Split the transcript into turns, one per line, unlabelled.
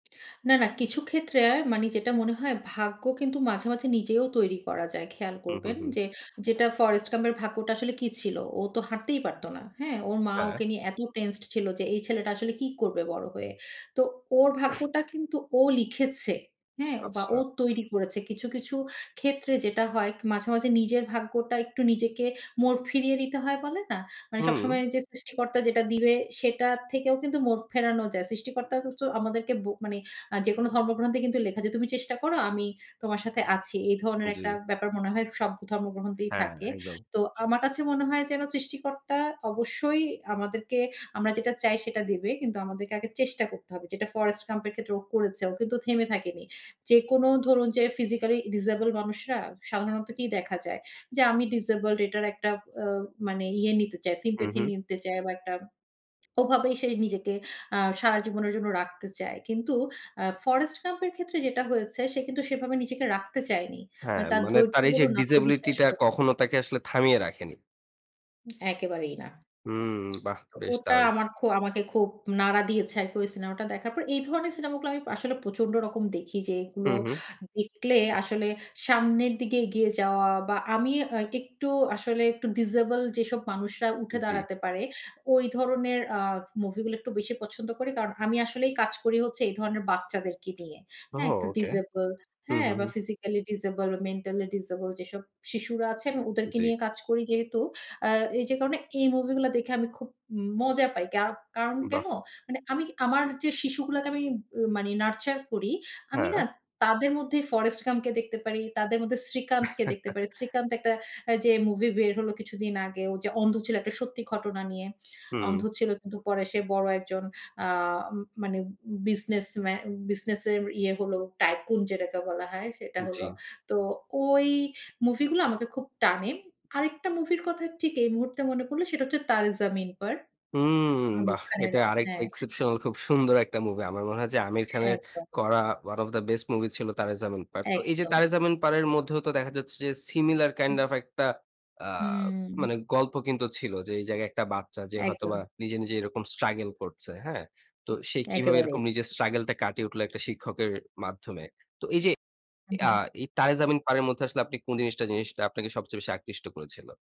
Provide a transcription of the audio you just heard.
না, না, কিছু ক্ষেত্রে মানে যেটা মনে হয় ভাগ্য কিন্তু মাঝে, মাঝে নিজেও তৈরি করা যায়। খেয়াল
হু, হু,
করবেন
হু।
যে যেটা Forest Gump এর ভাগ্যটা আসলে কি ছিল? ও তো হাঁটতেই পারত না, হ্যাঁ? ওর মা
হ্যাঁ।
ওকে নিয়ে এত টেন্সড ছিল যে এই ছেলেটা আসলে কি করবে বড় হয়ে? তো ওর ভাগ্যটা কিন্তু ও লিখেছে, হ্যাঁ? ও বা
আচ্ছা।
ও তৈরি করেছে। কিছু, কিছু ক্ষেত্রে যেটা হয় মাঝে, মাঝে নিজের ভাগ্যটা একটু নিজেকে মোড় ফিরিয়ে দিতে হয় বলে না? মানে
হুম।
সবসময় যে সৃষ্টিকর্তা দিবে সেটা থেকেও কিন্তু মোড় ফেরানো যায়। সৃষ্টিকর্তাকে তো আমাদেরকে ব মানে আ যেকোনো ধর্মগ্রন্থে কিন্তু লেখা যে "তুমি চেষ্টা করো। আমি তোমার সাথে আছি।" এই ধরনের একটা
জ্বী।
ব্যাপার মনে হয় সব ধর্মগ্রন্থেই
হ্যাঁ,
থাকে।
একদম।
তো আমার কাছে মনে হয় যেন সৃষ্টিকর্তা অবশ্যই আমাদেরকে আমরা যেটা চাই সেটা দিবে। কিন্তু আমাদেরকে আগে চেষ্টা করতে হবে। যেটা Forest Gulp এর ক্ষেত্রে ও করেছে, ও কিন্তু থেমে থাকেনি। যেকোনো ধরুন যে ফিজিক্যালি ডিজেবল মানুষরা সাধারণত কি দেখা যায়? যে আমি ডিজেবলড এটার একটা আ মানে ইয়ে নিতে চায়, মানে
হু,
sympathy
হু।
নিতে চাই, বা একটা ওভাবেই সে নিজেকে আ সারা জীবনের জন্য রাখতে চায়। কিন্তু আ Forest Gump এর ক্ষেত্রে যেটা হয়েছে সে কিন্তু সেভাবে নিজেকে রাখতে চায়নি। আ
হ্যাঁ,
তার
মানে
ধৈর্য
তার এই যে
বলুন
disability
আত্মবিশ্বাস
টা
বলু
কখনো তাকে আসলে থামিয়ে রাখেনি।
একেবারেই না।
হুম, বাহ!
তো
বেশ
ওটা
দারুণ!
আমার খু আমাকে খুব নাড়া দিয়েছে, আরকি ওই সিনেমাটা দেখার পর। এই ধরনের সিনেমা গুলো আমি আসলে প্রচন্ড রকম দেখি।
হু,
যেগুলো
হু।
দেখলে আসলে সামনের দিকে এগিয়ে যাওয়া, বা আমি আ একটু আসলে একটু ডিজেবল যেসব মানুষরা উঠে
জ্বী।
দাঁড়াতে পারে, ওই ধরনের আ মুভি গুলো একটু বেশি পছন্দ করি। কারণ আমি আসলেই কাজ করি হচ্ছে এই ধরনের বাচ্চাদেরকে নিয়ে, হ্যাঁ?
ওহো!
একটু
ওকে।
ডিজেবল
হু,
হ্যাঁ?
হু,
বা
হু।
ফিজিক্যালি ডিজেবল বা মেন্টালি ডিজেবল যেসব শিশুরা আছে আমি ওদেরকে
জ্বী।
নিয়ে কাজ করি যেহেতু। আ এই যে কারণে এই মুভি গুলা দেখে আমি খুব উম মজা পাই। কা কারণ
বাহ!
কেন? মানে আমি আমার যে শিশুগুলাকে আমি উ মানে নারচার করি, আমি না
হ্যাঁ।
তাদের মধ্যে Forest Gump কে দেখতে পারি, তাদের মধ্যে শ্রীকান্তকে দেখতে পারি। শ্রীকান্ত একটা আ যে মুভি বের হলো কিছুদিন আগে। ও যে অন্ধ ছিল, একটা সত্যি ঘটনা নিয়ে। অন্ধ
হু।
ছিল কিন্তু পরে সে বড় একজন আ মানে বিজনেস মে বিজনেস এর ইয়ে হল, tycoon যেটাকে বলা হয় সেটা
জ্বী।
হলো। তো ঐ মুভি গুলো আমাকে খুব টানে। আরেকটা মুভির কথা ঠিক এই মুহূর্তে মনে পড়লো সেটা হচ্ছে Taare Zameen Par.
হুম,
আমির
বাহ!
খানের
এটা আরেকটা
হ্যাঁ।
exceptional খুব সুন্দর একটা মুভি। আমার মনে হয় যে আমির খানের
একদম।
করা one of the best movie ছিল Taare Zameen Par. তো এই যে
একদম।
Taare Zameen Par এর মধ্যেও তো দেখা যাচ্ছে যে সিমিলার কাইন্ড
হুম।
ওফ একটা আ
হুম।
মানে গল্প কিন্তু ছিল। যে এই জায়গায় একটা বাচ্চা যে হয়তোবা
একদম।
নিজে, নিজে এরকম স্ট্রাগেল করছে। হ্যাঁ? তো
উ
সে কিভাবে
একেবারে।
এরকম নিজের স্ট্রাগেল টা কাটিয়ে উঠলো একটা শিক্ষকের মাধ্যমে। তো এই যে
হু,
আ
হুম।
এই Taare Zameen Par এর মধ্যে আসলে আপনি কোন জিনিসটা, জিনিসটা আপনাকে সবচেয়ে বেশি আকৃষ্ট করেছিল?